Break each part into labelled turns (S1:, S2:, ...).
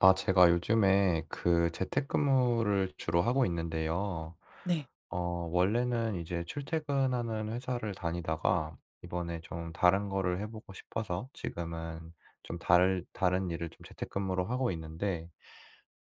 S1: 아 제가 요즘에 그 재택근무를 주로 하고 있는데요.
S2: 네.
S1: 어 원래는 이제 출퇴근하는 회사를 다니다가 이번에 좀 다른 거를 해 보고 싶어서 지금은 좀 다를 다른 일을 좀 재택근무를 하고 있는데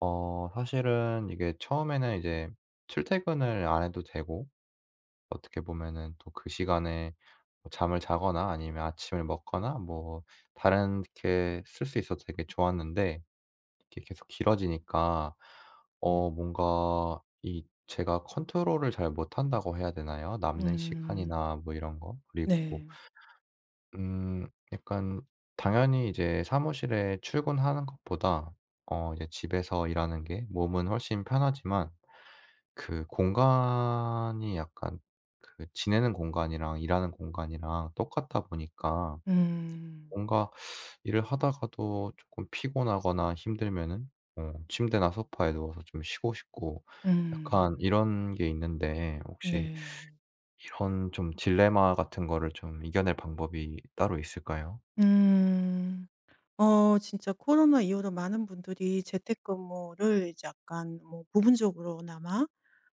S1: 어 사실은 이게 처음에는 이제 출퇴근을 안 해도 되고 어떻게 보면은 또 그 시간에 잠을 자거나 아니면 아침을 먹거나 뭐 다른 게 쓸 수 있어서 되게 좋았는데 이게 계속 길어지니까 어 뭔가 이 제가 컨트롤을 잘 못한다고 해야 되나요? 남는
S2: 음.
S1: 시간이나 뭐 이런 거. 그리고
S2: 네.
S1: 음 약간 당연히 이제 사무실에 출근하는 것보다 어 이제 집에서 일하는 게 몸은 훨씬 편하지만 그 공간이 약간 그 지내는 공간이랑 일하는 공간이랑 똑같다 보니까
S2: 음.
S1: 뭔가 일을 하다가도 쪼끔 피곤하거나 힘들면은 어 침대나 소파에 누워서 좀 쉬고 싶고 약간
S2: 음.
S1: 이런 게 있는데 혹시
S2: 네.
S1: 이런 좀 딜레마 같은 거를 좀 이겨낼 방법이 따로 있을까요?
S2: 음. 어 진짜 코로나 이후로 많은 분들이 재택근무를 이제 약간 뭐 부분적으로나마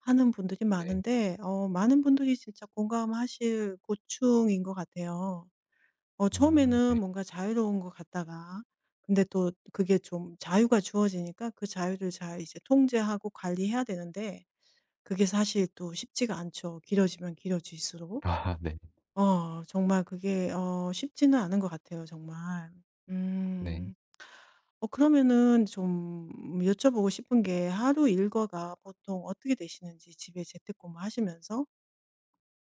S2: 하는 분들이
S1: 네.
S2: 많은데 어 많은 분들이 진짜 공감하실 고충인 것 같아요. 어
S1: 음
S2: 처음에는
S1: 네.
S2: 뭔가 자유로운 것 같다가 근데 또 그게 좀 자유가 주어지니까 그 자유를 잘 이제 통제하고 관리해야 되는데 그게 사실 또 쉽지가 않죠 길어지면 길어질 수록.
S1: 아 네.
S2: 어 정말 그게 어 쉽지는 않은 것 같아요 정말.
S1: 네.
S2: 음. 어 그러면은 좀 여쭤 보고 싶은 게 하루 일과가 보통 어떻게 되시는지 집에 재택근무 하시면서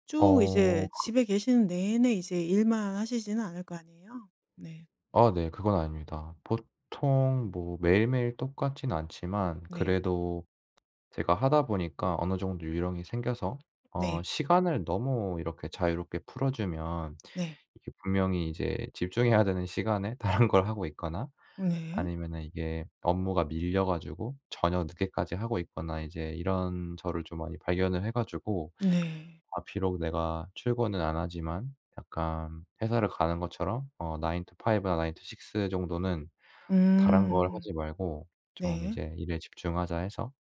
S2: 쭉
S1: 어.
S2: 이제
S1: 그
S2: 집에 계시는 내내 이제 일만 하시진 않을 거 아니에요. 네.
S1: 어 네. 그건 아닙니다. 보통 뭐 매일매일 똑같진 않지만
S2: 네.
S1: 그래도 제가 하다 보니까 어느 정도 요령이 생겨서 어
S2: 네.
S1: 시간을 너무 이렇게 자유롭게 풀어 주면
S2: 네.
S1: 이게 분명히 이제 집중해야 되는 시간에 다른 걸 하고 있거나
S2: 네.
S1: 아니면은 이게 업무가 밀려 가지고 저녁 늦게까지 하고 있거나 이제 이런 저를 좀 많이 발견을 해 가지고
S2: 네.
S1: '아 비록 내가 출근은 안 하지만 약간 회사를 가는 것처럼 어 9 to 5 나 9 to 6 정도는 다른 걸
S2: 음.
S1: 하지 말고 좀
S2: 네.
S1: 이제 일에 집중하자.' 해서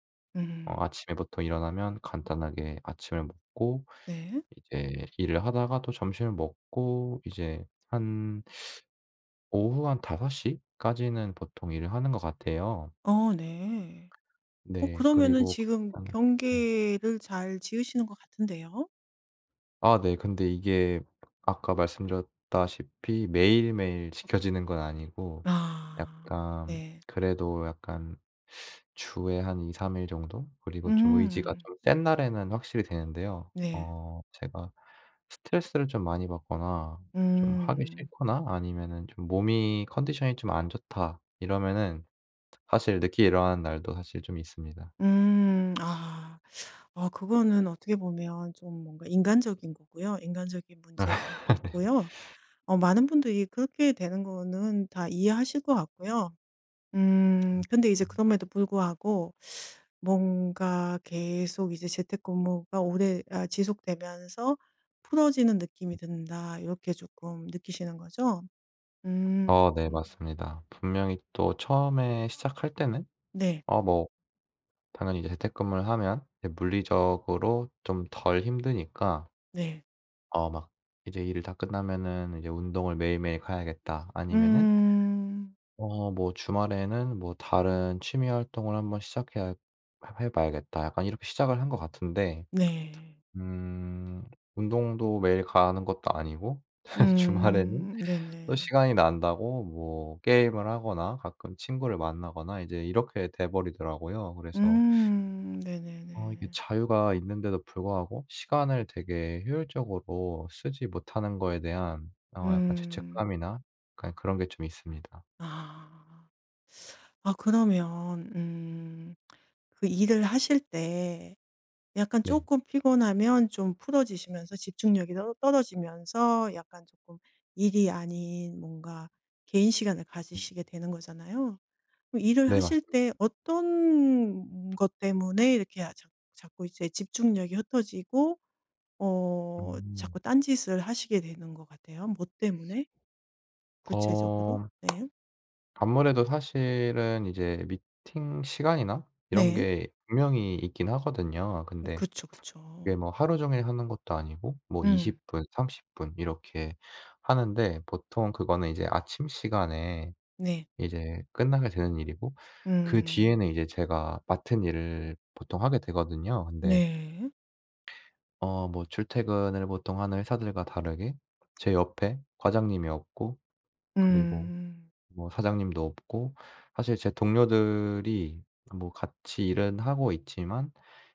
S1: 어
S2: 음.
S1: 아침에 보통 일어나면 간단하게 아침을 먹고
S2: 네.
S1: 이제 일을 하다가 또 점심을 먹고 이제 한 오후 한 5 시 까지는 보통 일을 하는 것 같아요.
S2: 어 네. 어
S1: 네.
S2: 그러면은
S1: 그리고
S2: 지금
S1: 가끔 네.
S2: 경계를 잘 지으시는 것 같은데요.
S1: 아, 네. 근데 이게 아까 말씀드렸다시피 매일매일 지켜지는 건 아니고
S2: 아,
S1: 약간
S2: 네.
S1: 그래도 약간 주에 한 2-3 일 정도 그리고 좀 의지가
S2: 음.
S1: 좀 센 날에는 확실히 되는데요.
S2: 네.
S1: 어 제가 스트레스를 좀 많이 받거나 좀 하기
S2: 음.
S1: 싫거나 아니면은 좀 '몸이 컨디션이 좀 안 좋다.' 이러면은 사실 늦게 일어나는 날도 사실 좀 있습니다.
S2: 음 아. 어 그거는 어떻게 보면 좀 뭔가 인간적인 거고요. 인간적인 문제인 것
S1: 네.
S2: 같고요. 어 많은 분들이 그렇게 되는 거는 다 이해하실 것 같고요. 음
S1: 음
S2: 근데 이제
S1: 음.
S2: 그럼에도 불구하고 뭔가 계속 이제 재택근무가 오래 아 지속되면서 '풀어지는 느낌이 든다.' 이렇게 쪼끔 느끼시는 거죠? 음
S1: 어 네,
S2: 음.
S1: 맞습니다. 분명히 또 처음에 시작할 때는
S2: 네.
S1: 어 뭐 당연히 이제 재택근무를 하면 이게 물리적으로 좀 덜 힘드니까
S2: 네.
S1: 어 막 '이제 일을 다 끝나면은 이제 운동을 매일매일 가야겠다.' 아니면은
S2: 음.
S1: 어 뭐 '주말에는 뭐 다른 취미 활동을 한번 시작해야 해 해 봐야겠다.' 약간 이렇게 시작을 한 것 같은데
S2: 네.
S1: 음 운동도 매일 가는 것도 아니고 주말에는
S2: 음.
S1: 또
S2: 네네.
S1: 시간이 난다고 뭐 게임을 하거나 가끔 친구를 만나거나 이제 이렇게 돼 버리더라고요. 그래서
S2: 음.
S1: 어 이게
S2: 네네네.
S1: 자유가 있는데도 불구하고 시간을 되게 효율적으로 쓰지 못하는 거에 대한 어 약간
S2: 음.
S1: 죄책감이나 약간 그런 게 좀 있습니다.
S2: 아. 아 그러면 음 그 일을 하실 때 약간
S1: 네.
S2: 쪼끔 피곤하면 좀 풀어지시면서 집중력이 떨 떨어지면서 약간 조끔 일이 아닌 뭔가 개인 시간을
S1: 음.
S2: 가지시게 되는 거잖아요. 그럼 일을
S1: 네,
S2: 하실
S1: 맞습니다.
S2: 때 어떤 것 때문에 이렇게 아 자 자꾸 이제 집중력이 흩어지고 어
S1: 음.
S2: 자꾸 딴 짓을 하시게 되는 것 같아요? 뭐 때문에? 구체적으로.
S1: 어
S2: 네.
S1: 아무래도 사실은 이제 미팅 시간이나 이런
S2: 네.
S1: 게 분명히 있긴 하거든요.
S2: 음.
S1: 근데
S2: 그쵸,
S1: 이게
S2: 그쵸.
S1: 뭐 하루종일 하는 것도 아니고 뭐
S2: 음.
S1: 20 분, 30 분 이렇게 하는데 보통 그거는 이제 아침 시간에
S2: 네.
S1: 이제 끝나게 되는 일이고 그
S2: 음.
S1: 뒤에는 이제 제가 맡은 일을 보통 하게 되거든요. 근데
S2: 네.
S1: 어 뭐 출퇴근을 보통 하는 회사들과 다르게 제 옆에 과장님이 없고 그리고
S2: 음.
S1: 뭐 사장님도 없고 사실 제 동료들이 뭐 같이 일은 하고 있지만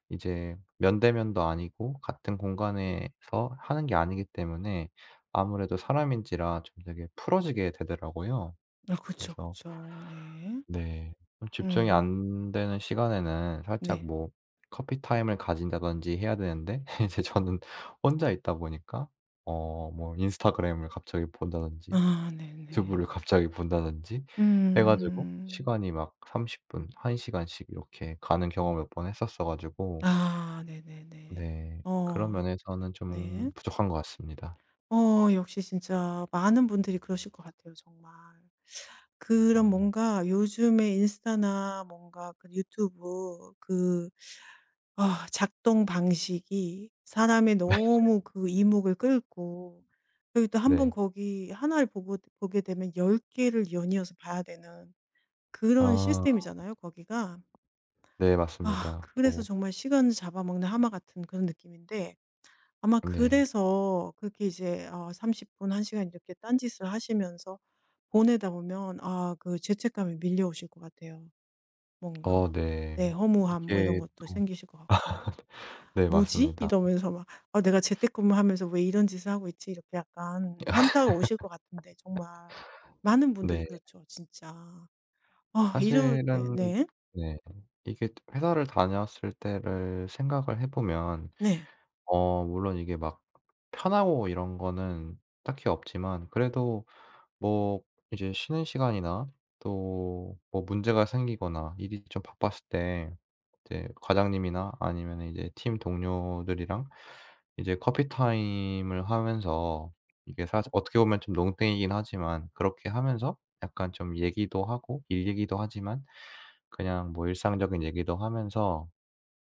S1: 이제 면대면도 아니고 같은 공간에서 하는 게 아니기 때문에 아무래도 사람인지라 좀 되게 풀어지게 되더라고요.
S2: 아 그쵸,
S1: 그래서
S2: 그쵸. 네.
S1: 네. 좀 집중이
S2: 음.
S1: 안 되는 시간에는 살짝
S2: 네.
S1: 뭐 커피타임을 가진다든지 해야 되는데 이제 저는 혼자 있다 보니까 어 뭐 인스타그램을 갑자기 본다든지
S2: 아 네
S1: 유튜브를
S2: 네.
S1: 갑자기 본다든지 해 가지고
S2: 음.
S1: 시간이 막 30 분, 1 시간씩 이렇게 가는 경험을 몇 번 했었어 가지고
S2: 아 네네네.
S1: 네. 그런
S2: 어
S1: 면에서는
S2: 네.
S1: 좀 부족한 것 같습니다.
S2: 어 역시 진짜 많은 분들이 그러실 것 같아요, 정말. 그런
S1: 아 네.
S2: 뭔가 요즘에 인스타나 뭔가 그 유튜브 그 어 작동 방식이 사람의 너무 그 이목을 끌고 그리고 또 한번
S1: 네.
S2: 거기 1 를 보고 보게 되면 10 개를 연이어서 봐야 되는 그런
S1: 아.
S2: 시스템이잖아요 거기가.
S1: 네,
S2: 아
S1: 맞습니다.
S2: 그래서
S1: 또
S2: 정말 시간을 잡아먹는 하마 같은 그런 느낌인데 아마
S1: 네.
S2: 그래서 그렇게 이제 어 30 분, 1 시간 이렇게 딴 짓을 하시면서 보내다 보면 아 그 죄책감이 밀려오실 것 같아요
S1: 어
S2: 뭔가.
S1: 네.
S2: 네 허무함 뭐 이런
S1: 이게
S2: 것도
S1: 또
S2: 생기실 것 같고.
S1: 네
S2: '뭐지?'
S1: 맞습니다.
S2: 이러면서 막 '아 내가 재택근무하면서 왜 이런 짓을 하고 있지?' 이렇게 약간 현타가 오실 것 같은데 정말 많은 분들이
S1: 네.
S2: 그렇죠 진짜. 아 이럴 때
S1: 사실은
S2: 네.
S1: 네. 이게 회사를 다녔을 때를 생각을 해 보면
S2: 네.
S1: 어 물론 이게 막 편하고 이런 거는 딱히 없지만 그래도 뭐 이제 쉬는 시간이나 또 뭐 문제가 생기거나 일이 좀 바빴을 때 이제 과장님이나 아니면은 이제 팀 동료들이랑 이제 커피타임을 하면서 이게 사실 어떻게 보면 좀 농땡이긴 하지만 그렇게 하면서 약간 좀 얘기도 하고 일 얘기기도 하지만 그냥 뭐 일상적인 얘기도 하면서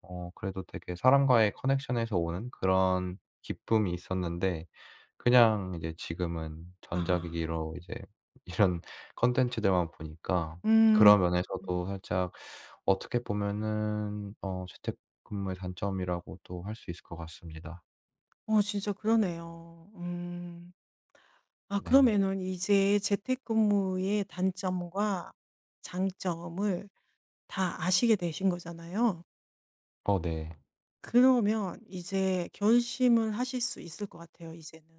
S1: 어 그래도 되게 사람과의 connection에서 오는 그런 기쁨이 있었는데 그냥 이제 지금은
S2: 아.
S1: 전자기기로 이제 이런 콘텐츠들만 보니까
S2: 음.
S1: 그런
S2: 음.
S1: 면에서도 살짝 어떻게 보면은 어 재택근무의 단점이라고도 할 수 있을 것 같습니다.
S2: 어 진짜 그러네요. 음. 아
S1: 네.
S2: 그러면은 이제 재택근무의 단점과 장점을 다 아시게 되신 거잖아요.
S1: 어 네.
S2: 그러면 이제 결심을 하실 수 있을 것 같아요 이제는.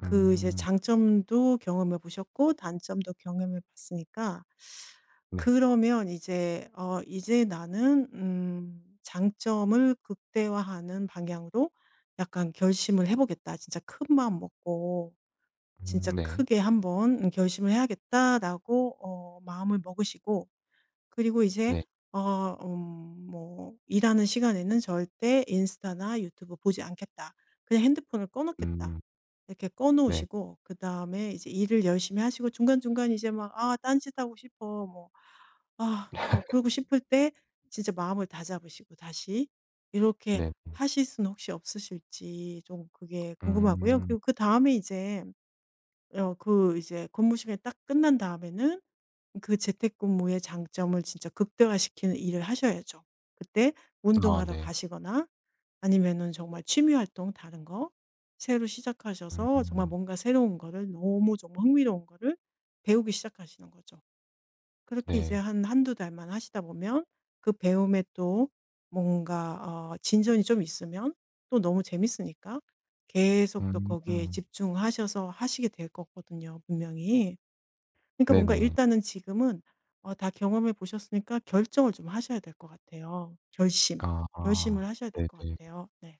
S2: 그 이제
S1: 음.
S2: 장점도 경험해 보셨고 단점도 경험해 봤으니까
S1: 네.
S2: 그러면 이제 어 '이제 나는 음 장점을 극대화하는 방향으로 약간 결심을 해 보겠다. 진짜 큰 마음 먹고 진짜
S1: 음 네.
S2: 크게 한번 결심을 해야겠다.'라고 어 마음을 먹으시고 그리고 이제
S1: 네.
S2: 어 음 뭐 '일하는 시간에는 절대 인스타나 유튜브 보지 않겠다. 그냥 핸드폰을 꺼 놓겠다.'
S1: 음.
S2: 이렇게 꺼
S1: 네.
S2: 놓으시고 그다음에 이제 일을 열심히 하시고 중간중간 이제 막 '아 딴짓하고 싶어.' 뭐 아 뭐 그러고 싶을 때 진짜 마음을 다잡으시고 다시 이렇게
S1: 네 음.
S2: 하실 수는 혹시 없으실지 좀 그게 궁금하고요.
S1: 음.
S2: 그리고 그다음에 이제 어 그 이제 근무 시간이 딱 끝난 다음에는 그 재택근무의 장점을 진짜 극대화시키는 일을 하셔야죠. 그때
S1: 아
S2: 운동하러
S1: 네.
S2: 가시거나 아니면은
S1: 네.
S2: 정말 취미 활동 다른 거 새로 시작하셔서 정말
S1: 음.
S2: 뭔가 새로운 거를 너무 정말 흥미로운 거를 배우기 시작하시는 거죠. 그렇게 이제
S1: 네.
S2: 한 1-2 달만 하시다 보면 그 배움에 또 뭔가 어 진전이 좀 있으면 또 너무 재밌으니까 계속 또 거기에
S1: 음.
S2: 집중하셔서 하시게 될 거거든요 분명히. 그러니까 뭔가
S1: 네네.
S2: 일단은 지금은 어 다 경험해 보셨으니까 결정을 좀 하셔야 될 것 같아요. 결심, 결심을
S1: 아
S2: 하셔야 될 것
S1: 네네.
S2: 같아요. 네.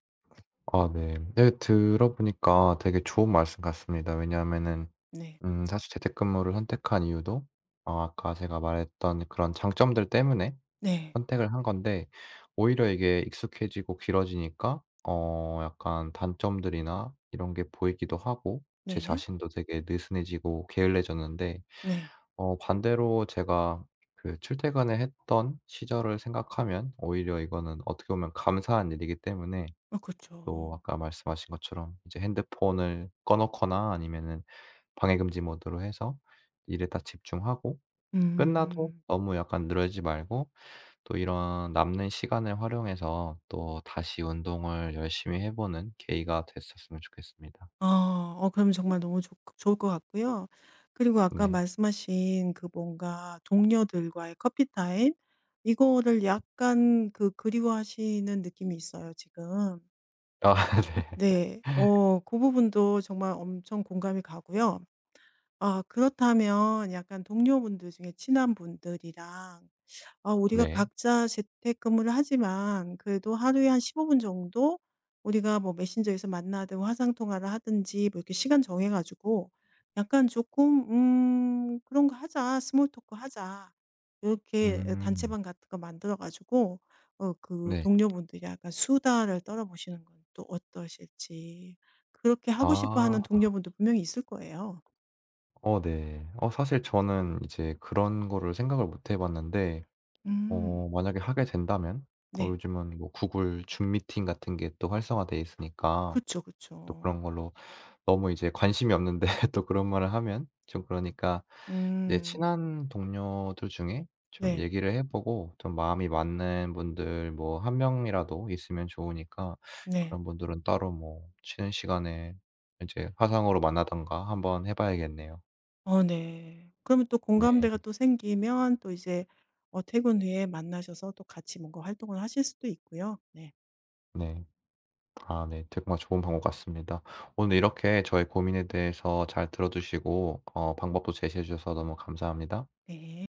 S1: 아 네. 네 들어 보니까 되게 좋은 말씀 같습니다. 왜냐하면은
S2: 네.
S1: 음 사실 재택근무를 선택한 이유도 어 아까 제가 말했던 그런 장점들 때문에
S2: 네.
S1: 선택을 한 건데 오히려 이게 익숙해지고 길어지니까 어 약간 단점들이나 이런 게 보이기도 하고 저
S2: 네.
S1: 자신도 되게 느슨해지고 게을러졌는데
S2: 네.
S1: 어 반대로 제가 그 출퇴근을 했던 시절을 생각하면 오히려 이거는 어떻게 보면 감사한 일이기 때문에
S2: 아
S1: 또
S2: 그렇죠.
S1: 아까 말씀하신 것처럼 이제 핸드폰을 꺼 놓거나 아니면은 방해 금지 모드로 해서 일에 딱 집중하고 끝나도
S2: 음.
S1: 너무 약간 늘어지지 말고 또 이런 남는 시간을 활용해서 또 다시 운동을 열심히 해 보는 계기가 됐었으면 좋겠습니다.
S2: 아 어 그러면 정말 너무 좋 좋을 것 같고요. 그리고 아까
S1: 네.
S2: 말씀하신 그 뭔가 동료들과의 커피 타임 이거를 약간 그 그리워하시는 느낌이 있어요 지금.
S1: 아
S2: 음
S1: 네.
S2: 네. 어 그 부분도 정말 엄청 공감이 가고요. 아 그렇다면 약간 동료분들 중에 친한 분들이랑 "아 우리가
S1: 네.
S2: 각자 재택 근무를 하지만 그래도 하루에 한 15 분 정도 우리가 뭐 메신저에서 만나든 화상 통화를 하든지 뭐 이렇게 시간 정해 가지고 약간 쪼끔 음 그런 거 하자. 스몰 토크 하자." 이렇게
S1: 음.
S2: 단체방 같은 거 만들어 가지고 어 그
S1: 네.
S2: 동료분들이 약간 수다를 떨어 보시는 건 또 어떠실지. 그렇게 하고 싶어
S1: 아.
S2: 하는 동료분도 분명히 있을 거예요.
S1: 어 네. 어 사실 저는 이제 그런 거를 생각을 못 해 봤는데
S2: 음.
S1: 어 만약에 하게 된다면
S2: 네.
S1: 요즘은 뭐 구글 줌미팅 같은 게 또 활성화 되어 있으니까
S2: 그쵸,
S1: 또 그런
S2: 그쵸.
S1: 걸로 너무 이제 관심이 없는데 또 그런 말을 하면 좀 그러니까 이제
S2: 음.
S1: 친한 동료들 중에 좀
S2: 네.
S1: 얘기를 해 보고 좀 마음이 맞는 분들 뭐 1 명이라도 있으면 좋으니까
S2: 네.
S1: 그런 분들은 따로 뭐 쉬는 시간에 이제 화상으로 만나든가 한번 해 봐야겠네요.
S2: 어 네. 그러면 또
S1: 네.
S2: 공감대가 또 생기면 또 이제 어 퇴근 후에 만나셔서 또 같이 뭔가 활동을 하실 수도 있고요. 네.
S1: 네. 아 네. 정말 좋은 방법 같습니다. 오늘 이렇게 저의 고민에 대해서 잘 들어 주시고 어 방법도 제시해 주셔서 너무 감사합니다.
S2: 네.